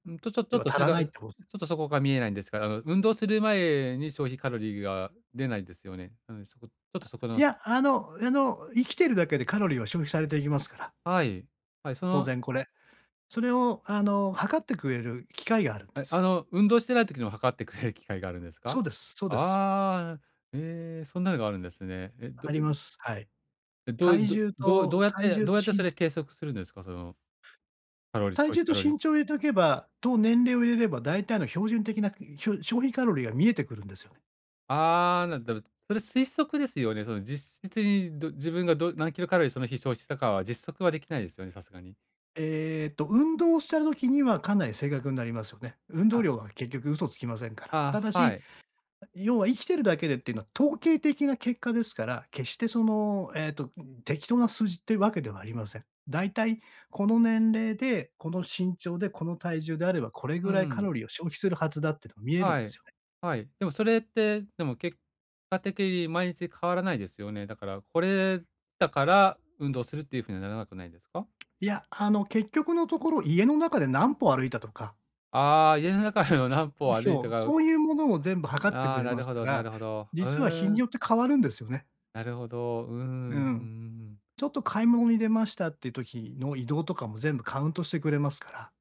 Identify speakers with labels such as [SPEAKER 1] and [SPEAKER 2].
[SPEAKER 1] うん、と、ちょちょ
[SPEAKER 2] 要
[SPEAKER 1] っ
[SPEAKER 2] は、
[SPEAKER 1] と
[SPEAKER 2] 足
[SPEAKER 1] 違
[SPEAKER 2] らないっ
[SPEAKER 1] う、
[SPEAKER 2] てこ
[SPEAKER 1] ちょっとそこが見えないんですから、う運動する前に消費カロリーが出ないですよね、うん、そこ、ちょっとそこ
[SPEAKER 2] い
[SPEAKER 1] の
[SPEAKER 2] や、あのあの、生きてるだけでカロリーは消費されていきますから。
[SPEAKER 1] はい。はい、そ
[SPEAKER 2] 当
[SPEAKER 1] の
[SPEAKER 2] 然これ。それを、あの、測ってくれる機械があるんで
[SPEAKER 1] え、
[SPEAKER 2] す
[SPEAKER 1] あ
[SPEAKER 2] よ。
[SPEAKER 1] の、運動してない時にも測ってくれる機械があるんですか？
[SPEAKER 2] そうです、そうです。
[SPEAKER 1] ああ、え、ええ、そんなのがあるんですね。え、ど
[SPEAKER 2] あり
[SPEAKER 1] ゆ
[SPEAKER 2] ま
[SPEAKER 1] に
[SPEAKER 2] す。はい。
[SPEAKER 1] え、どうい
[SPEAKER 2] 体
[SPEAKER 1] ど
[SPEAKER 2] 重
[SPEAKER 1] どうど
[SPEAKER 2] と、
[SPEAKER 1] うやっ
[SPEAKER 2] 体
[SPEAKER 1] て、
[SPEAKER 2] 重
[SPEAKER 1] ど
[SPEAKER 2] と
[SPEAKER 1] うやって
[SPEAKER 2] し
[SPEAKER 1] そ
[SPEAKER 2] ん
[SPEAKER 1] れ計測するんですか？その、カロリー、
[SPEAKER 2] 体
[SPEAKER 1] 消費
[SPEAKER 2] 重と
[SPEAKER 1] カロリ
[SPEAKER 2] 身
[SPEAKER 1] ー。
[SPEAKER 2] 長入れておけば、と、年齢を入れれば大体の標準的な、ひしょ消費カロリーが見えてくるんですよね。
[SPEAKER 1] ああ、な、どる。それ推測ですよね、その、実質に、ど自分が、ど何キロカロリーその日消費したかは実測はできないすよね？さすがに。
[SPEAKER 2] えっと、運動してる時にはかなり正確んなりますよね。運
[SPEAKER 1] は
[SPEAKER 2] 動
[SPEAKER 1] あ。
[SPEAKER 2] 量は結局嘘つきませんから。た
[SPEAKER 1] あ、
[SPEAKER 2] だ
[SPEAKER 1] は
[SPEAKER 2] し、
[SPEAKER 1] い。
[SPEAKER 2] あ、要は生きているだけでってのは、統計的な結果ですから、決してその、えっと、ん、適当な数字ってわけではありません。だいたい、この年齢でこの身長でこの体重であればこれ
[SPEAKER 1] ふ、
[SPEAKER 2] ぐ
[SPEAKER 1] う
[SPEAKER 2] らいカロ
[SPEAKER 1] ん。
[SPEAKER 2] リーを消費するはずだっての、見えるん
[SPEAKER 1] は
[SPEAKER 2] です
[SPEAKER 1] い、
[SPEAKER 2] よね。
[SPEAKER 1] はい。でもそれって、でも結果的に毎日変わらないですよね？だからこれ、だから運動するっていうふうにはならなくないでか？
[SPEAKER 2] いや、あの、結局のところ家の中で何歩歩いたとか
[SPEAKER 1] ああ、家の中でも何歩
[SPEAKER 2] うし
[SPEAKER 1] 歩い
[SPEAKER 2] ょ
[SPEAKER 1] た
[SPEAKER 2] う、
[SPEAKER 1] かん、
[SPEAKER 2] そういうものを全部測って
[SPEAKER 1] あ
[SPEAKER 2] く
[SPEAKER 1] あ、
[SPEAKER 2] れ
[SPEAKER 1] な
[SPEAKER 2] ま
[SPEAKER 1] る
[SPEAKER 2] す
[SPEAKER 1] ほ
[SPEAKER 2] か
[SPEAKER 1] ど、な
[SPEAKER 2] ら、
[SPEAKER 1] るほど。あ、う
[SPEAKER 2] 実は日
[SPEAKER 1] ー
[SPEAKER 2] に
[SPEAKER 1] ん。
[SPEAKER 2] よって変わるんですよね。
[SPEAKER 1] なるほど、うん、うん、うんう
[SPEAKER 2] うん。
[SPEAKER 1] んうん。
[SPEAKER 2] ちょっと買い物に出ましたって時の移動とかも全部カウントしてくれますから。